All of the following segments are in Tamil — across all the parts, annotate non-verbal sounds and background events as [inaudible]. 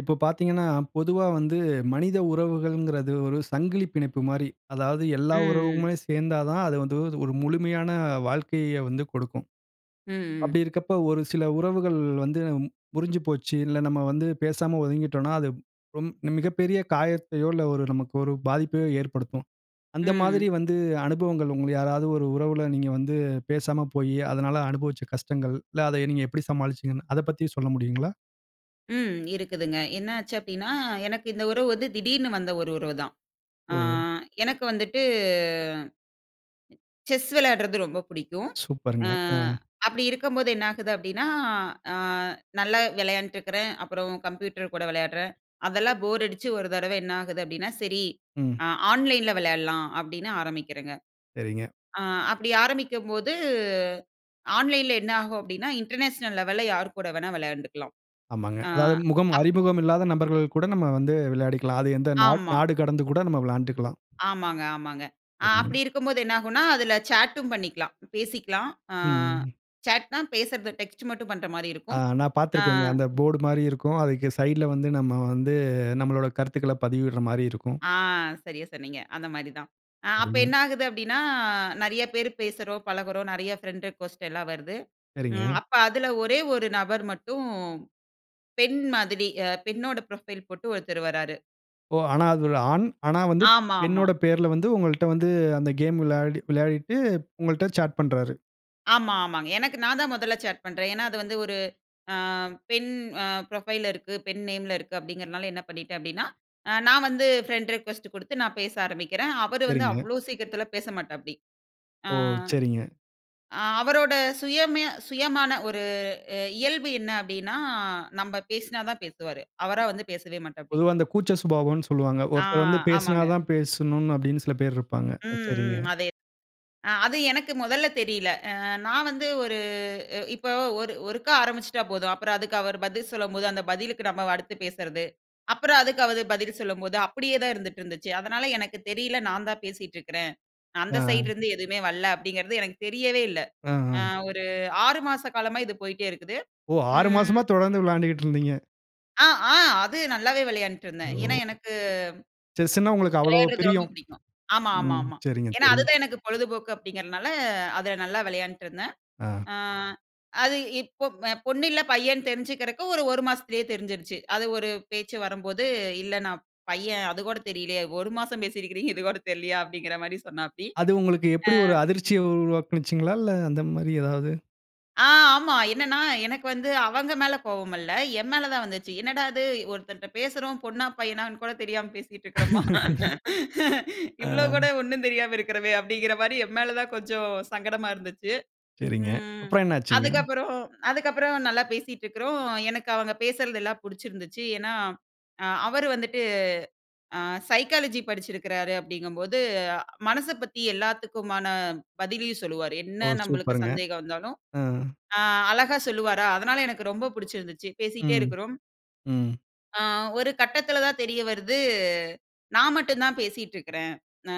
இப்ப பார்த்தீங்கன்னா, பொதுவா வந்து மனித உறவுகள்ங்கிறது ஒரு சங்கிலிப் பிணைப்பு மாரி. அதாவது எல்லா ம், ம். உறவுமே சேர்ந்தா தான் அது வந்து ஒரு முழுமையான வாழ்க்கையை வந்து கொடுக்கும். ம், அப்பிடி ம். இருக்கப்ப ஒரு சில உறவுகள் வந்து முறிஞ்சு போச்சு. இல்ல நம்ம வந்து பேசாம ஒதுங்கிட்டோன்னா, அது ரொம் மிகப்பெரிய காயத்தையோ! இல்ல ஒரு நமக்கு ஒரு பாதிப்பையோ! ஏற்படுத்தும். அந்த மாதிரி ம். வந்து அனுபவங்கள் உங்கள யாராவது ஒரு உறவுல நீங்க வந்து பேசாம போயி, அதனால அனுபவிச்ச கஷ்டங்கள். இல்ல அத நீங்க எப்பிடி சமாளிச்சிங்கன்னு அத பத்தி சொல்ல முடியுங்களா? ம். இருக்குதுங்க. என்ன ஆச்சு அப்பிடின்னா, எனக்கு இந்த உறவு வந்து திடீர்னு வந்த ஒரு உறவு தான். ஆ ஓ! எனக்கு வந்துட்டு செஸ் விளையாட்றது ரொம்ப பிடிக்கும். அ சூப்பருங்க. அ. அப்பிடி இருக்கும்போது என்னாகுது அப்பிடின்னா, அ நல்லா விளையாண்டுட்டு இருக்கிறேன். அப்புறம் கம்ப்யூட்டர் கூட விளையாட்றேன். அதெல்லாம் போர் அடிச்சு ஒரு தடவ என்ன ஆகுது அப்பிடின்னா, சரி ம். அ ஆன்லைன்ல விளையாட்லாம் அப்பிடின்னு ஆரம்பிக்கிறேங்க. சரிங்க. ஆ அப்பிடி ஆரம்பிக்கும்போது, ஆன்லைன்‌ ல என்ன ஆகும் அப்பிடின்னா, இன்டர்நேஷனல் லெவல்‌ல யார்கூட வேணா விளையாண்டுக்கலாம். ஆமாங்க. ஆ, அதாவது முகம் அப் அறிமுகம் இல்லாத நபர்கள் கூட நம்ம வந்து விளையாடிக்கலாம். அது எந்த நாட் ஆமா. நாடு கடந்து கூட நம்ம விளையாண்டுக்கலாம். ஆமாங்க. ஆமா. ஆ சரிங்க. அப்படி இருக்கும்போது என்ன ஆகுன்னா, அதில சாட்‌டும் பண்ணிக்லாம். பேசிக்கலாம். ஆ ம். சாட்ன்னா, பேசுறத டெக்ஸ்ட் மட்டும் பண்றமாரி ஆ இருக்கும். நான் ஆ. பார்த்துருக்கேங்க. அந்த போர்டு மாரி இருக்கும். அதுக்கு சைட்ல வந்து நம்ம வந்து நம்மளோட கருத்துக்கள பதிவிட்ற மாரி இருக்கும். ஆ. சரியா சொன்னீங்க. அந்தமாரி தான். ஆ அப்ப சரிங்க. என்ன ஆகுது அப்பிடின்னா, நிறைய பேரு பேசுறோம், பழகுறோம். நிறைய ஃபிரெண்ட் ரிக்வெஸ்ட் எல்லாம் வருது. ம் சரிங்க. அப்ப அதுல ஒரே 1 நபர் மட்டும், பெண் மாதிரி அ பெண்ணோட புரொஃபைல் போட்டு ஒருத்தர் வர்றாரு. ஓ! ஆனா அது ஒரு ஆண். ஆனா வந்து ஆமாமா. பெண்ணோட பேர்ல வந்து உங்கள்ட்ட வந்து அந்த கேம் விளையாடி விளையாடிட்டு உங்கள்ட்ட சாட் பண்றாரு. ஆமா ஆமாங்க. எனக்கு நான் தான் முதல்ல சாட் பண்றேன். ஏனா அது வந்து ஒரு ஆ பெண் ஆ புரொஃபைல்‌ல இருக்கு. பெண் நேம்‌ல இருக்கு அப்டிங்கிரனால என்ன பண்ணிடேன் அப்டினா, ஆ நான் வந்து ஃபிரெண்ட் ரிக்வெஸ்ட் குடுத்து நான் பேச ஆரம்பிக்கிறேன். அவரு வந்து சரிங்க. அவ்ளோ சீக்கிரத்தில பேசமாட்டாப்டி. ஆ ஓ! சரிங்க. அவரோட சுயமே சுயமான ஒரு அ இயல்பு என்ன அப்டினா நம்ம பேசுனா தான் பேசுவாரு. அவரா வந்து பேசவே மாட்டாப்டி. பொதுவா இந்த கூச்ச சுபாவம்னு சொல்லுவாங்க. ஆ. ஒருத்தர் வந்து பேசுனா ஆமாங்க. தான் பேசணும்னு அப்பிடின்னு சில பேர் இருப்பாங்க. ம் அ சரிங்க. ம், அதே. ஆ அது எனக்கு மொதல்ல தெரியல. ஆ நான் வந்து ஒரு இ இப்ப ஒரு ஒருக்கா ஆரம்பிச்சுட்டா போதும். அப்புறம் அதுக்கு அவர் பதில் சொல்லும்போது அந்த பதிலுக்கு நம்ம அடுத்து பேசுறது, அப்புறம் அதுக்கு அவர் பதில் சொல்லும்போது அப்படியே தான் இருந்துட்டு இருந்துச்சு. அதனால எனக்கு தெரியல நான் தான் பேசிட்டு இருக்கிறேன். அந்த ஆ. சைட்லேருந்து எதுமே வரல அப்படிங்கிறது எனக்கு தெரியவே இல்ல. அ ஆ அ ஒரு 6 மாச காலமா இது போயிட்டே இருக்குது. ஓ! 6 ம். மாசமா தொடர்ந்து விளையாண்ட்டுகிட்டு இருந்தீங்க. அ ஆ. அது நல்லாவே விளையாண்ட்டு இருந்தேன். ஏனா ஓ! எனக்கு செஸ்னா உங்களுக்கு அவ்ளோ! விளையாட்றது ரொம்ப பிரியம். பிடிக்கும். ஆமா ஆமா ம் ஆமா. சரிங்க ஏன்னா, அது சரிங்க. தான் எனக்கு பொழுதுபோக்கு அப்டிங்கிறனால அதுல நல்லா விளையாண்ட்டு இருந்தேன். ஆ. ஆ அது இப்போ அ பொண்ணு இல்ல. பையன்னு தெரிஞ்சுக்கிறக்கு, 1 மாசத்திலியே தெரிஞ்சிருச்சு. அது ஒரு பேச்சு வரும்போது, "இல்ல நான் பையன். அது கூட தெரிலயா? ஒரு மாசம் பேசியிருக்கிறீங்க. இது கூட தெரிலயா?" அப்படிங்கிற மாரி சொன்னாப்டி அது உங்களுக்கு ஆ. எப்படி? ஒரு அதிர்ச்சிய உருவாக்குணுச்சுங்களா, இல்ல அந்த மாதிரி எதாவது? ஆ ஆமா என்னன்னா, எனக்கு வந்து அவங்க மேலே கோவம் இல்ல, என் மேல தான் வந்துச்சு. என்னடா இது. ஒருத்தன்ட்ட பேசுறோம், பொண்ணா பையனான்னு கூட தெரியாம பேசிகிட்டு இருக்கறமா. [laughs] [laughs] இவ்ளோ கூட [unintelligible] ஒண்ணும் தெரியாம இருக்கிறோமே. அப்டிங்கிற மாரி என் மேல தான் கொஞ்சம் சங்கடமா இருந்துச்சு. சரிங்க. ம், அப்புறம் என்ன ஆச்சுங்க? அதுக்கப்புறம் அதுக்கப்புறம் நல்லா பேசிட்டுருக்கிறோம். எனக்கு அவங்க பேசுறதெல்லாம் புடிச்சிருந்துச்சு. ஏனா, அ அவர் வந்துட்டு, அ சைக்காலஜி படிச்சிருக்குறாரு அப்டிங்கும்போது, மனச பத்தி எல்லாத்துக்குமான பதிலயும் சொல்லுவாரு. ஓ, என்ன நம்பளுக்கு சூப்பருங்க! சந்தேகம் வந்தாலும், ஆ. ஆ அழகா சொல்லுவாரா, அதனா எனக்கு ரொம்ப புடிச்சிருந்துச்சு, பேசிக்கிட்டே ம், இருக்குறோம். ம். ஆ, ஒரு கட்டத்தில தான் தெரிய வருது. நான் மட்டும் தான் பேசிட்ருக்குறேன். அ,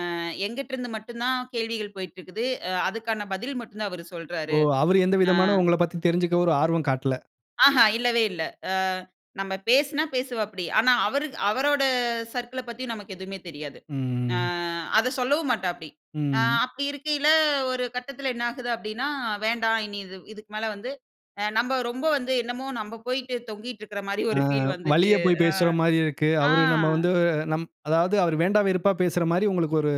என்கிட்ருந்து மட்டும் தான் கேள்விகள் போய்ட்ருக்குது, அ. அதுக்கான பதில் மட்டுந்தான் அவர் சொல்றாரு. ஓ! அவரு எந்த ஆ. விதமான உங்களப் பத்தி தெரிஞ்சுக்க ஒரு ஆர்வம் காட்டல. ஆஹா, இல்லவே இல்ல. அ நம்ம பேசினா பேசுவாப்டி, ஆனா அவரு அவரோட சர்க்கிள பத்தியும் நமக்கு எதுமே தெரியாது, அ ம். அத சொல்லவும் மாட்டாப்டி. அ ம். அப்டி இருக்கையில, ஒரு கட்டத்தில என்ன ஆகுது அப்டின்னா, வேண்டாம் இனி இது, இதுக்கு மேல வந்து நம்ம ரொம்ப வந்து என்னமோ, நம்ப போயிட்டு தொங்கிட்ருக்கிற மாரி ஆ ஒரு ஃபீல் வந்துச்சு. வழிய போய் அ. பேசுற மாரி இருக்கு. ஆ. அவரு நம்ம வந்து [grunts] நம் அதாவது, அவர் வேண்டா வெறுப்பா பேசுற மாரி உங்களுக்கு ஒரு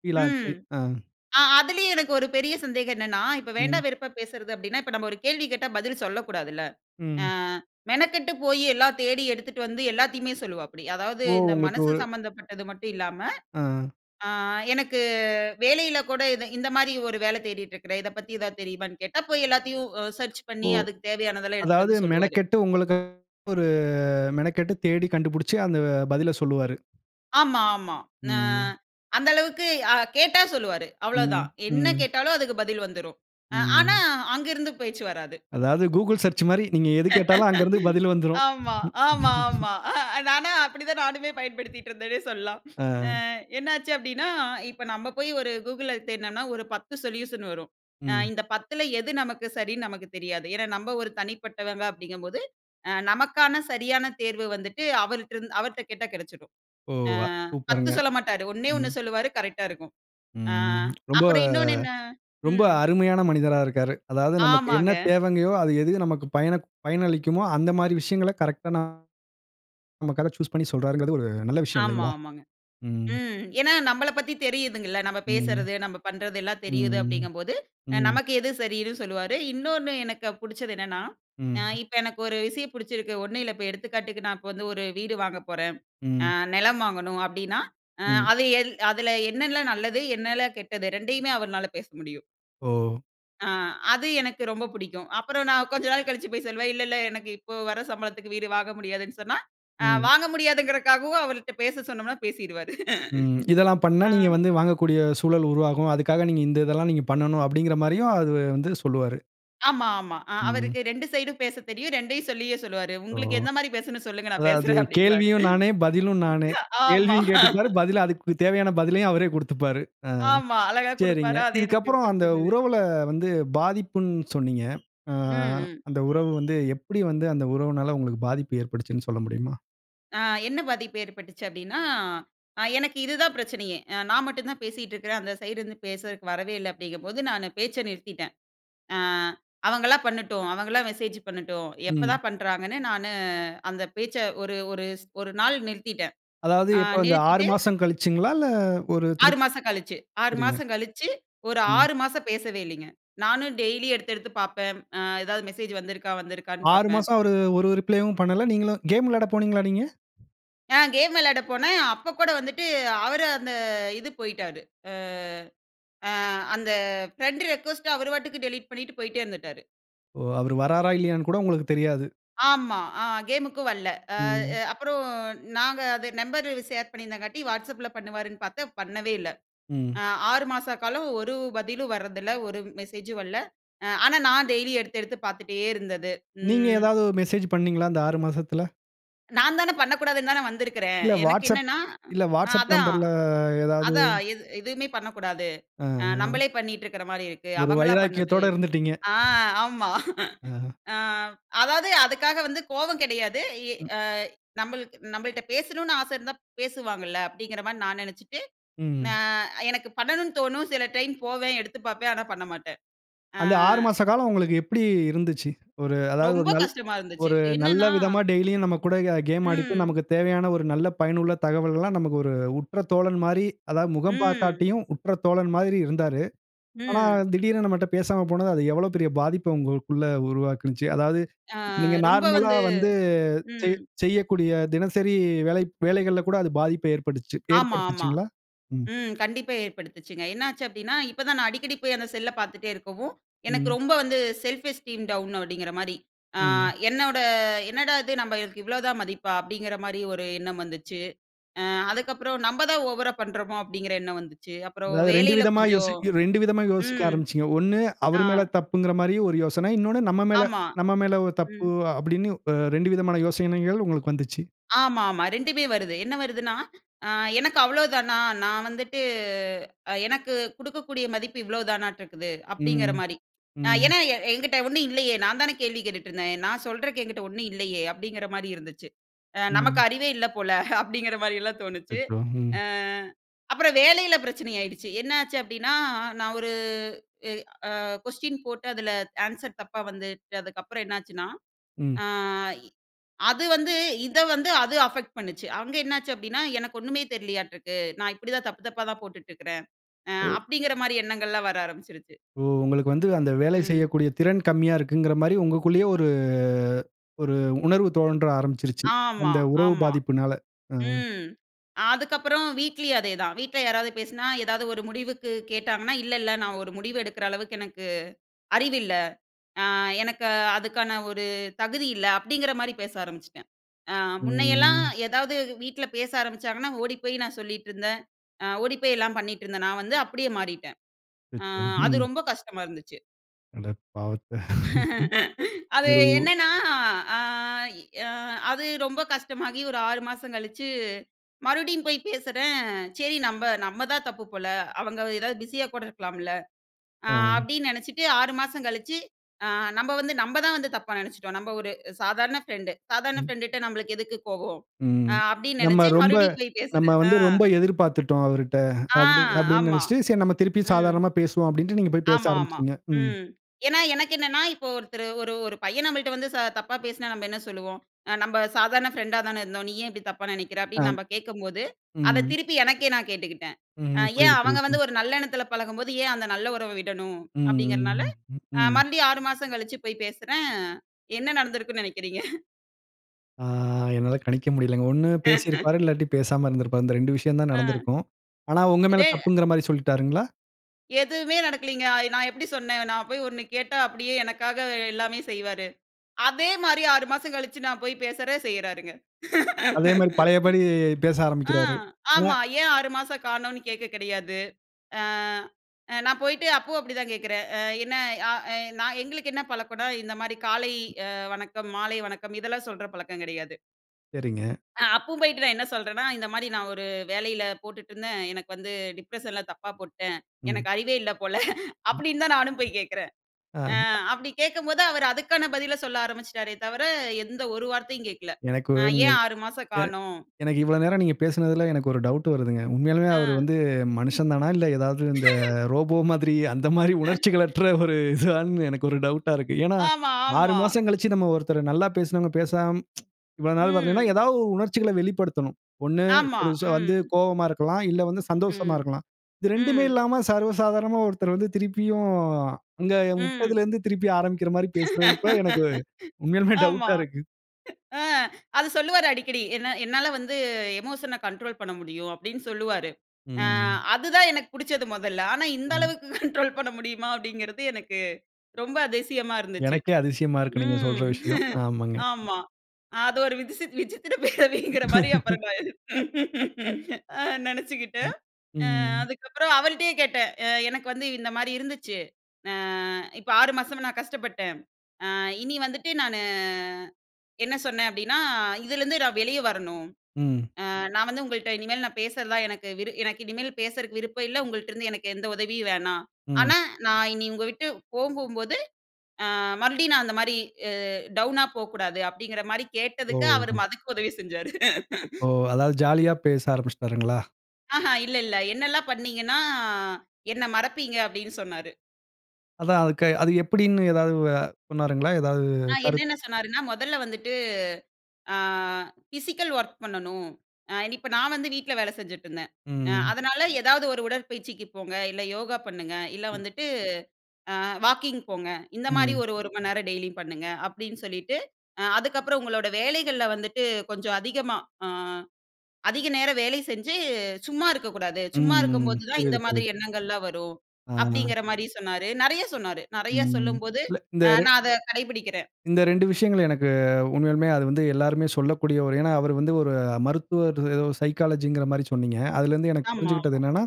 ஃபீல் ஆச்சு. ம், அ. அ அதிலயும் எனக்கு ஒரு பெரிய சந்தேகம் என்னன்னா, இப்போ வேண்டா ம். வெறுப்பா பேசுறது அப்டின்னா, இப்ப நம்ப ஒரு கேள்வி கேட்டா பதில் சொல்லக்கூடாது இல்ல. ஆ, ம். மெனக்கெட்டு போயி எல்லாம் தேடி எடுத்துட்டு வந்து எல்லாத்தையுமே சொல்லுவாப்டி. அதாவது, ஓ, இந்த உங்களுக்கு மனசு ஒரு சம்பந்தப்பட்டது மட்டும் இல்லாம, ஆ. அ எனக்கு வேலையில கூட இது இந்த மாரி ஒரு வேல தேடிட்ருக்கிறேன், இதை பத்தி ஏதாவது தெரியுமான்னு கேட்டா, போய் எல்லாத்தையும் அ சர்ச் ஓ, பண்ணி அதுக்கு தேவையானதெல்லாம் எடுத்துட்டு அதாவது வந்து சொல்லுவாரு. மெனக்கெட்டு உங்களுக்கு ஒரு மெனக்கெட்டு தேடி கண்டுபுடிச்சு, அந்த பதில சொல்லுவாரு. ஆமா, ஆமா. ஆ ம். அந்த அளவுக்கு அ கேட்டா சொல்லுவாரு. அவ்ளோ தான். ம், என்ன ம். கேட்டாலும் அதுக்கு பதில் வந்துரும். அ ஆனா ம். அங்க இருந்து பேச்சு வராது. அதாவது Google search மாரி நீங்க எது கேட்டாலும் அங்க இருந்து பதில் வந்துரும். ஆமா. ஆமாமா. அ நானா அப்படி தான் நானுமே பயன்படுத்திட்டு இருந்தேனே சொல்லாம். அ ஆ. என்னாச்சு அப்படின்னா, இப்போ நம்ம போய் ஒரு Google தேடுனோனா ஒரு 10 சொல்யூஷன் வரும். ம். இந்த 10ல எது நமக்கு சரின்னு நமக்கு தெரியாது. ஏன்னா நம்ப ஒரு தனிப்பட்டவங்க அப்படிங்கும்போது அ நமக்கான சரியான தேர்வு வந்துட்டு அவர்கிட்ரிருந் அவர்கிட்ட கேட்டா கிடச்சிரும். ஓ! அ அ 10 சூப்பருங்க. சொல்ல மாட்டாரு ஓண்ணே ம். ஒன்னு சொல்லுவாறு கரெக்ட்‌டா இருக்கும். அ ம். ரொம்ப அப்புறம் இன்னொன்னு என்ன ரொம்ப ம். அருமையான மனிதரா இருக்காரு. அதாவது நமக்கு என்ன ஆமாங்க. தேவங்கயோ அது எது நமக்கு பயன பயனளிக்குமோ அந்த மாரி விஷயங்களை கரெக்ட்டா நமக்காக சூஸ் பண்ணி சொல்றருங்கறது ஒரு நல்ல விஷயம் ஆமா, இல்லைங்களா? ஆமாங்க. ம். ம் ஏன்னா, நம்மள பத்தி தெரியுதுங்கல்ல நம்ம ம். பேசுறது நம்ம பண்ணுறது எல்லா தெரியுது ம். அப்படிங்கும்போது ம். நமக்கு எது சரின்னு சொல்லுவாரு. இன்னொன்னு எனக்கு புடிச்சது என்னன்னா, அ ம். இப்போ எனக்கு ஒரு விஷயம் பிடிச்சிருக்கு. ஒண்ணும் இல்ல இப்போ எடுத்துக்காட்டுக்கு நான் இப்போ வந்து ஒரு வீடு வாங்கப் போறேன். அ ம். நிலம் வாங்கணும் அப்படின்னா அ ம். அது எல் அதில என்னனலாம் நல்லது என்னலாம் கெட்டது 2யுமே அவர்னால பேச முடியும். ஓ! ஆ அது எனக்கு ரொம்ப பிடிக்கும். அப்புறம் நான் கொஞ்ச நாள் கழிச்சு போய் சொல்வேன் இல்ல இல்ல எனக்கு இப்போ வர சம்பளத்திற்கு வீடு வாங்க முடியாதுனு சொன்னா, அ ம். வாங்க முடியாதுங்குறக்காகவும் அவருட்ட பேச சொன்னோம்ன்னா பேசிவிடுவாறு. ம். இதெல்லாம் [laughs] பண்னா ஆ. நீங்க வந்து வாங்கக்கூடிய சூழல் உருவாகும், அதுக்காக நீங்க இந்த இதெல்லா நீங்க பண்ணனும் அப்டீங்கிற மாரியும் அதுவ வந்து சொல்லுவாரு. ஆமா, ஆமா. அ ம். அவருக்கு 2 சைடும் பேசத் தெரியும். 2யுமெ சொல்லியே சொல்லுவாரு. ஓ! உங்களுக்கு [chuckles] எந்த மாரி பேசணும் சொல்லுங்க நான் அதாவது பேசுறேன் அப்படி என்பாரு. கேள்வியும் நானே, பதிலும் நானே. ஆமா. கேள்வியும் கேட்டுப்பாரு பதில அதுக்கு வ தேவையான பதிலையும் அவரே கூடுத்துப்பாரு. அ ஆமா. அழகா சரிங்க கொடுப்பாரா அது எனக்கு இதுக்கப்புறம் அந்த புடிச்சிருந்தது. உறவுல வந்து பாதிப்புன் சொன்னிங்க. அ ம், ம். அந்த உறவு வந்து எப்படி வந்து அந்த உறவினால உங்களுக்கு பாதிப்பு ஏற்படுச்சு சொல்ல முடியுமா? அ என்ன பாதிப்பு ஏற்பட்டுச்சு அப்படின்னா அ எனக்கு இதுதான் பிரச்சனையே, அ நான் மட்டும் தான் பேசிகிட்டு இருக்கிறேன் அந்த சைடுருந்து பேசறதுக்கு வரவே இல்ல அப்படிங்கும்போது நானு பேச்ச நிறுத்திட்டேன். அ அவங்களா பண்ணட்டும், அவங்களா மெசேஜ் பண்ணட்டும், ம். எப்பதான் பண்ணுறாங்கன்னு நானு அந்த பேச்ச ஒரு ஒரு ஸ் ஒரு நாள் நிறுத்திட்டேன். அதாவது அ இப்போ இந்த 6 நிறுத்திட்டு. மாசம் கழிச்சிங்களா இல்ல ஒரு 6 திருப் மாசம் கழிச்சு 6 சரிங்க. மாசம் கழிச்சு. ஒரு ம். 6 மாசம் பேசவே இல்லைங்க. நானும் டெய்லி எடுத்து எடுத்து பார்ப்பேன். அ ஏதாவது மெசேஜ் வந்து இருக்கா வந்து இருக்கானு 6 பார்ப்பேன். மாசம் அவரு ஒரு ரிப்ளேயும் பண்ணல நீங்களும் கேம் விளையாடப் போனீங்களா நீங்க? ஆ. கேம் விளையாட போனேன். அப்போ கூட வந்துட்டு, அவர் அந்த இது போய்ட்டாரு. ஆ ஆ அந்த ஃபிரெண்ட் ரிக்வெஸ்ட்‌ட அவர் பாட்டுக்கு டெலீட் பண்ணிட்டு போய்ட்டே இருந்துட்டாரு. ஓ! அவர் வராரா? இல்லையான்னு கூட உங்களுக்கு தெரியாது? ஆமா. அ கேமுக்கும் வல்ல. அ ம். அ அப்புறம் நாங்க அது நம்பர் ஷேர் பண்ணியிருந்தங்காட்டி, WhatsAppல பண்ணுவாருன்னு பாத்தேன். பண்ணவே இல்ல. ம். அ 6 மாச காலம் ஒரு பதிலும் வரதில்ல. ஒரு மெசேஜும் வரல. ஆனா, நான் டெய்லி எடுத்து எடுத்து பாத்துட்டே இருந்தது. நீங்க ம். ஏதாவது மெசேஜ் பண்ணீங்களா அந்த 6 மாசத்துல? நான் தானே பண்ணக்கூடாதுன்னு தானே வந்திருக்கிறேன். இல்ல எனக்கு WhatsApp என்னன்னா, இல்ல அ WhatsApp அதான். நம்பர்ல ஏதாவது? அதான் எது எதுவுமே பண்ணக்கூடாது. அ அ. நம்மளே பண்ணிட்டுருக்குற மாரி இருக்கு. ஒரு அவங்களா பண்ணட்டு வைராக்கியத்தோட இருந்துட்டீங்க. ஆ ஆமா. ஆஹ. அதாவது, அதுக்காக வந்து கோவம் கெடையாது. ஏ ம். அ நம்மள்க்கு நம்மள்ட்ட பேசணும்னு ஆச இருந்தா, பேசுவாங்கல்ல. அப்டீங்குற மாரி நான் நெனைச்சுட்டு அ ம். எனக்கு பண்ணணும்னு தோணும். சில டைம் போவேன், எடுத்து பாப்பேன், ஆனா பண்ண மாட்டேன். அ அந்த 6 மாச காலம் உங்களுக்கு எப்பிடி இருந்துச்சு? ஒரு அதாவது ஒரு ரொம்ப நல் கஷ்டமா இருந்துச்சு. ஒரு நல்ல என்னன்னா, விதமா டெய்லியும் நம்ம கூட கேம் ஆடிட்டு ம். நமக்கு தேவையான ஒரு நல்ல பயனுள்ள தகவல்கலாம் நமக்கு ஒரு உற்ற தோழன் மாரி, அதாவது முகம் ம். பாக்காட்டியும், உற்ற தோழன் மாரி இருந்தாரு. ஆனா, ம். திடீருனு நம்மட்ட பேசாம போனது, அது எவ்வளோ பெரிய பாதிப்ப உங்களுக்குள்ள உருவாக்கினுச்சு? அதாவது அ, நீங்க ரொம்ப நார்மலா வந்து வந்து ம். செய் செய்யக்கூடிய தினசரி வேலை வேலைகள்ல கூட அது பாதிப்ப ஏற்படுச்சு ஆமா. ஆமா. ஏற்படுத்துச்சுங்களா? ம். ம். கண்டிப்பா ஏற்படுத்துச்சுங்க. என்னாச்சு அப்டீன்னா, இப்ப தான் நான் அடிக்கடி போயி அந்த செல்ல பாத்துட்டே இருக்கவும், எனக்கு ம். ரொம்ப வந்து செல்ஃப் எஸ்டீம் டவுன் அப்டீங்குற மாரி ம். என்னோட, "என்னடா இது நம்மளுக்கு இவ்ளோதான் மதிப்பா?" அப்டீங்குற மாரி ஒரு எண்ணம் வந்துச்சு. அ அதுக்கப்புறம் "நம்ம தான் ஓவரா பண்றோமோ?" அப்டீங்கிற எண்ணம் வந்துச்சு. அப்புறம் அதாவது 2 வேலையில விதமா கொஞ்சம் யோசி 2 விதமா யோசிக்க ம் ஆரம்பிச்சீங்க. 1 ஆ. அவர் மேல் தப்பூங்குற மாரி ஒரு யோசனை. இன்னொன்னு நம்ம மேல ஆமா. நம்ம மேல தப்பு ம். அப்டீன்னு 2 விதமான யோசனைகள் உங்களுக்கு வந்துச்சு. ஆமாமா. 2மே வருது. என்ன வருதுன்னா, "அ எனக்கு அவ்வளோதானா? நான் வந்துட்டு எனக்கு குடுக்கக்கூடிய மதிப்பு இவ்ளோதானாட்ருக்குது" அப்டீங்குற ம். மாரி. ம். ஏன்னா என்கிட்ட ஒன்னும் இல்லையே, நான் தானே கேள்வி கேட்டுட்டுருந்தேன். "நான் சொல்றக்கு என்கிட்டே ஒன்னும் இல்லையே?" அப்டீங்குற மாரி இருந்துச்சு. "நமக்கு ம். அறிவே இல்லை போல" அப்டீங்குற மாதிரிலாம் தோணுச்சு. அச்சச்சோ! ம். அ அப்புறம் வேலையில பிரச்சனை ஆயிடுச்சு. என்னாச்சு அப்டீன்னா, நான் ஒரு அ ஏ அ கொஸ்டின் போட்டு அதில ஆன்சர் தப்பா வந்து அதுக்கப்புறம் என்னாச்சுன்னா, ம். ஆ அது வந்து இத வந்து அது அஃபெக்ட் பண்ணுச்சு. அங்க என்னாச்சு அப்டீன்னா, "எனக்கு ஒன்னுமே தெரியலையாட்ருக்கு. நான் இப்படி தான் தப்பு தப்பா தான் போட்டுட்ருக்கிறேன்" அ அப்டீங்கிற மாரி எண்ணங்கள் எல்லாம் வர ஆரம்பிச்சுடுச்சு. ஓ! உங்களுக்கு வந்து அந்த வேலை ம். செய்யக்கூடிய திறன் கம்மியா இருக்குங்குற மாரி, உங்களுக்குள்ளேயே ஒரு அ ஒரு உணர்வு தோன்ற ஆரம்பிச்சிருச்சு. ஆமா. அந்த உறவு ஆமா. பாதிப்பினால. அ. ம். அதுக்கப்பறம் வீட்லயும் அதேதான். வீட்ல யாராவது பேசுனா, ஏதாவது ஒரு முடிவுக்கு கேட்டாங்கன்னா, "இல்ல, இல்ல. நான் ஒரு முடிவு எடுக்கிற அளவுக்கு எனக்கு அறிவு இல்ல. அ எனக்கு அதுக்கான ஒரு தகுதி இல்ல" அப்டீங்கிற மாதரி பேச ஆரம்பிச்சுட்டேன். முன்னையெல்லாம் ம். ஏதாவது வீட்ல பேச ஆரம்பிச்சாங்கன்னா, ஓடிப்போயி நான் சொல்லிட்ருந்தேன் ஓடிப்போயி எல்லாம் பண்ணிட்ருந்தேன். நான் வந்து அப்படியே மாறிட்டேன். அ [unintelligible] அது ம். ரொம்ப கஷ்டமா இருந்துச்சு. அட பாவத்த! [laughs] [laughs] அது ஒரு வ் என்னன்னா அ இ அ அது ரொம்ப கஷ்டமாகி ஒரு 6 மாசம் கழிச்சு, மறுபடியும் போய் பேசுறேன், "சரி நம்ப நம்ம தான் தப்பு போல அவங்க எதாவது பிஸியா கூட இருக்கலாம்ல" அ ம். அப்டீன்னு நெனைச்சிட்டு 6 மாசம் கழிச்சு அ நம்ப வந்து நம்ப தான் வந்து தப்பா நெனச்சுட்டோம். "நம்ப ஒரு சாதாரண ஃப்ரெண்டு. சாதாரண ம். ஃப்ரெண்டுட்ட நம்பளுக்கு எதுக்கு கோபம்?" ம். அப்டீன்னு நம்ம நெனச்சு ரொம்ப மறுபடியும் போய் நம்ம பேசுறேன். அ. வந்து, "ரொம்ப எதிர்பாத்துட்டோம் அவர்ட்ட" ஆ, அப்டி அப்டீன்னு ஆமா. நெனைச்சுட்டு, "சரி நம்ம திருப்பியும் ம். சாதாரணமா பேசுவோம்" அப்டீன்ட்டு நீங்க போயி பேச ஆமாமா. ஆரம்பிச்சுட்டீங்க. ம். ம். ஏன்னா எனக்கு என்னென்னா, இப்போ ஒருத்தரு ஒரு ஒரு பையன் நம்மள்ட்ட வந்து தப்பா பேசுனா நம்ம என்ன சொல்லுவோம்? "நம்ப சாதாரண ஃப்ரெண்டா தானே இருந்தோம். நீ ஏன் இப்டி தப்பா நெனைக்கிற" அப்டீன்னு ஆம். நம்ப கேக்கும்போது, அதை ம். திருப்பி எனக்கே நான் கேட்டுக்குட்டேன். ம். ஏன் புரியிது. அவங்க புரியிது. பு. வந்து ஒரு நல்லெண்ணத்துல பழகும்போது, ஏன் அந்த நல்ல உறவ விடணும்? ம், அப்டீங்கிறனால ம், ம், ம், ம். மறுபடியும் 6 மாசம் கழிச்சு போயி பேசுறேன். என்ன நடந்திருக்கும்ன்னு நெனைக்கிறீங்க? ஆ, என்னால கணிக்க முடியலேங்க. 1 [laughs] பேசிருப்பாரு, இல்லாட்டி பேசாம இருந்திருப்பாரு. இந்த 2 விஷயம் தான் ஆ. நடந்திருக்கும். ஆனா, உங்க மேல இது. தப்பூங்குற மாரி சொல்லிட்டாருங்களா? எதுவுமே நடக்கலீங்க. ஆய் நான் எப்புடி சொன்னேன். நான் போயி 1 கேட்டா, அப்டீயே எனக்காக எல்லாமே செய்வாரு. அதே மாரி 6 மாசம் கழிச்சு நான் போயி பேசுறேன், செய்றாருங்க. அதே மாரி, [laughs] பழையபடி, பேச ஆ. ஆரம்பிக்கிறாரு. வு அ. ஆமா. ஏன் 6 மாசம் காணோம்னு கேக்க கெடையாது. அ அ நான் போயிட்டு அப்பவும் அப்டி தான் கேக்குறேன். என்ன அ எ நான் எங்களுக்கு என்ன பழக்கம்னா, இந்த மாரி காலை அ வணக்கம் மாலை வணக்கம் இதெல்லாம் சொல்ற பழக்கம் கெடையாது. சரிங்க. அ அப்பவும் போயிட்டு நான் என்ன சொல்றேன்னா, "இந்த மாதிரி நான் ஒரு வேலையில போட்டுட்டுருந்தேன். எனக்கு வந்து டிப்ரஷன்ல தப்பா போட்டுட்டேன். ம். எனக்கு அறிவே இல்ல போல" ம் அப்டீன்னு தான் நானும் போய் கேக்றேன். ஆ. அப்டி கேக்கும்போது, அவர் அதுக்கான பதில சொல்ல ஆரம்பிச்சுட்டாரே தவிர, எந்த ஒரு வார்த்தையும் கேக்கல. எனக்கு வ் ம், ங்க ஏன் 6 மாசம் எ காணோம். எனக்கு இவ்ளோ நேரம் நீங்க பேசினதில எனக்கு ஒரு டவுட் வருதுங்க. உண்மையாலுமே அவர் ஆ. வந்து மனுஷன் தானா இல்ல ஏதாவது, இந்த [laughs] ரோபோ மாதிரி அந்த மாதிரி [laughs] உணர்ச்சிகளற்ற ஒரு இதுவான்னு எனக்கு ஒரு டவுட்டா இருக்கு. ஏன்னா ஆமா 6 ஆமா. மாசம் கழிச்சு நம்ம ஒருத்தர, நல்லா பேசினவங்க பேசாம [tsk] இவ்ளோ நாள் வரலன்னா, ம். ஏதாவது ஒரு உணர்ச்சிகள வெளிப்படுத்தணும். 1, ஆமா. வந்து ம். கோவமா இருக்கலாம். இல்ல வந்து சந்தோஷமா ம். இருக்கலாம். இது 2மே ம். இல்லாம, சர்வசாதாரணமா ஒருத்தர் வந்து, திருப்பியும் அங்க ம். விட்டதுலருந்து திருப்பி ஆரம்பிக்ற மாதிரி பேசுறப்ப, எனக்கு [laughs] உண்மையிலுமே ஆமா. டவுட்டா இருக்கு. [chuckles] ஆ அது சொல்லுவாரு அடிக்கடி "என்ன என்னால வந்து எமோஷன கண்ட்ரோல் பண்ண முடியும்" அப்டீன்னு சொல்லுவாரு. அ ம். அதுதான் எனக்கு புடிச்சது மொதல்ல. ஆனா இந்த ம். அளவுக்கு கண்ட்ரோல் பண்ண முடியுமா? அப்டீங்குறது எனக்கு ரொம்ப அதிசயமா எனக்கே அதிசயமா இருக்கு, நீங்க சொல்ற இருந்துச்சு.ம். விஷயம். [laughs] ஆமாங்க. ஆமா. அது ஒரு விதிஸ் விஜித்திர பெரவீங்கிற மாதிரி [laughs] அப்புறம், நான் [laughs] அ நெனச்சுக்கிட்டேன். ம், அ ம். அதுக்கப்புறம் அவர்கிட்டயே கேட்டேன், "எனக்கு வந்து இந்த மாதிரி இருந்துச்சு, அ இப்ப 6 மாசம் நான் கஷ்டப்பட்டேன். அ இனி வந்துட்டு நானு அ-" என்ன சொன்னேன் அப்டீன்னா, "இதுலேருந்து நான் வெளியே வரணும். ம். அ நான் வந்து உங்கள்ட்ட இனிமே நான் பேசுறதா நான் எனக்கு விரு எனக்கு இனிமே பேசுறதுக்கு விருப்பம் இல்ல. உங்கள்ட்டருந்து எனக்கு எந்த உதவியும் வேணாம். ம். ஆனா நான் இனி உங்க விட்டு போகும்போது அ மறுபடியும் நான் அந்த மாதிரி அ டவுனா போகக்கூடாது" அப்டீங்கிற மாதிரி கேட்டதுக்கு, ஓ! அவர் அதுக்கும் உதவி செஞ்சாரு. [laughs] ஓ! அதாவது ஜாலியா பேச ஆரம்பிச்சுட்டாருங்களா? ஆஹ இல்ல இல்ல என்னெல்லாம் பண்ணீங்கன்னா, என்னை மறப்பீங்க அப்டின்னு சொன்னாரு. அதான் அதுக்கு அது எப்டின்னு ஏதாவது உவ சொன்னருங்களா? ஏதாவது அ கருத்து? என்னென்ன சொன்னாருன்னா, மொதல்ல வந்துட்டு அ ஃபிசிக்கல் ஒர்க் பண்ணணும். இப்ப நான் வந்து வீட்ல வேல செஞ்சுட்டுருந்தேன். அ ம். அதனால ஏதாவது ஒரு உடற்பயிற்சிக்கு போங்க, இல்ல யோகா பண்ணுங்க, இல்ல வந்துட்டு அ வாக்கிங் போங்க. இந்த மாதிரி ம். ஒரு ஒரு மணிநேரம் டெய்லியும் பண்ணுங்க. அப்டின்னு சொல்லிட்டு, அதுக்கப்புறம் உங்களோட வேலைகள்ல வந்துட்டு, கொஞ்சம் அதிகமா அ அதிக நேரம் வேல செஞ்சு சும்மா இருக்கக்கூடாது. ம். சும்மா ம். இருக்கும்போது தான் இந்த புரியுது மாதிரி புரியுது. எண்ணங்கள்லாம் வரும். ஆஹ. அப்டீங்குற மாதிரி சொன்னாரு. நெறைய சொன்னாரு. நெறைய ம் சொல்லும்போது இல்ல இந்த அ நான் அத கடைபுடிக்கிறேன். இந்த ரெண்டு விஷயங்கள் எனக்கு உண்மையாலுமே, அது வந்து எல்லாருமே சொல்லக்கூடியவர். ஏன்னா, அவர் வந்து ஒரு மருத்துவர், ஏதோ சைக்காலஜின்கிற மாதிரி சொன்னீங்க. அதுலருந்து எனக்கு புரிஞ்சுகிட்டது ஆமாமா என்னன்னா,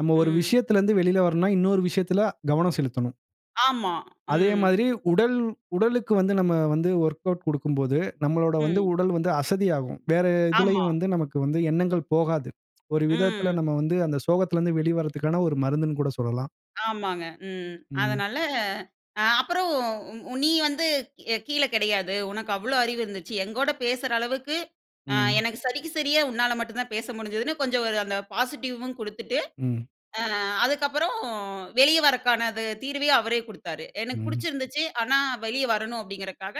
நம்ம ஒரு ம். விஷயத்துல இருந்து வெளியில் வரனுன்னா, இன்னொரு விஷயத்துல கவனம் செலுத்தனும். ஆமா. அதே ம். மாதிரி உடல், உடலுக்கு வந்து நம்ம வந்து வொர்க்கவுட் கொடுக்கும்போது, நம்மளோட வந்து ம். உடல் வந்து அசதியாகும். வேற ஆமா. எதிலேயும் வந்து நமக்கு வந்து எண்ணங்கள் போகாது. ஒரு விதத்துல ம். நம்ம வந்து அந்த சோகத்துல இருந்து வெளிவர்றதற்கான ஒரு மருந்துனு கூட சொல்லலாம். ஆமாங்க ம். ம். அதனால அ அப்புறம் உ நீ வந்துக் கீழே கெடையாது. உனக்கு அவ்ளோ அறிவு இருந்துச்சு. எங்கூட பேசுற அளவுக்கு அ ம். எனக்கு சரிக்கு சரியா உன்னால மட்டும் தான் பேச முடிஞ்சிதுன்னு கொஞ்சம் ஒரு அந்த பாசிட்டிவ்வும் கொடுத்துட்டு, ம். அ அதுக்கப்புறம் வெளியே வர்றக்கான த தீர்வையும் அவரே கொடுத்தாரு. எனக்கு ம். புடிச்சிருந்துச்சு ஆனா வெளியே வரணும் அப்படிங்கிறக்காக,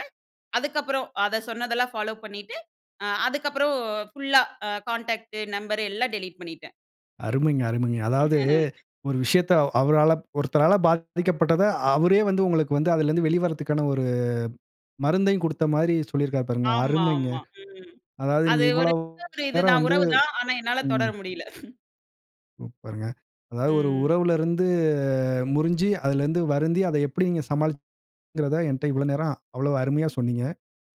அதுக்கப்புறம், அத சொன்னதெல்லாம் ஃபாலோ பண்ணிட்டு, அ அதுக்கப்புறம் ஃபுல்லா கான்டாக்ட் நம்பர் எல்லாம் டெலீட் பண்ணிட்டேன். அருமைங்க! அருமைங்க! அதாவது, [laughs] ஒரு விஷயத்த அ அவரால ஒருத்தரால பாதிக்கப்பட்டத, அவரே வந்து உங்களுக்கு வந்து அதிலிருந்து வெளிவருவதற்கான ஒரு மருந்தையும் கொடுத்த மாதிரி சொல்லியிருக்கிறாரு பாருங்க. அருமைங்க! ஆமாமா, ம். அதாவது அது நீங்க ஒரு இவ்வளவு [unintelligible] நேரம் இதுதான் வந்து உறவு தான். ஆனா என்னால தொடர ம். முடியல. [chuckles] சூப்பருங்க! அதாவது ஒரு ம். உறவுல இருந்து முறிஞ்சு அதுல இருந்து வருந்தி அத எப்டி நீங்க சமாளிச்சிங்கங்றத ஏன்ட்ட இவ்வளவு நேரம், அவ்வளவு அருமையா சொன்னீங்க.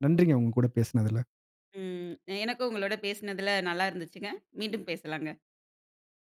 நன்றிங்க உங்க கூட பேசினதுல. ம். எனக்கும் உங்களோடு பேசினதுல நல்லா இருந்துச்சுங்க. மீண்டும் பேசலாங்க.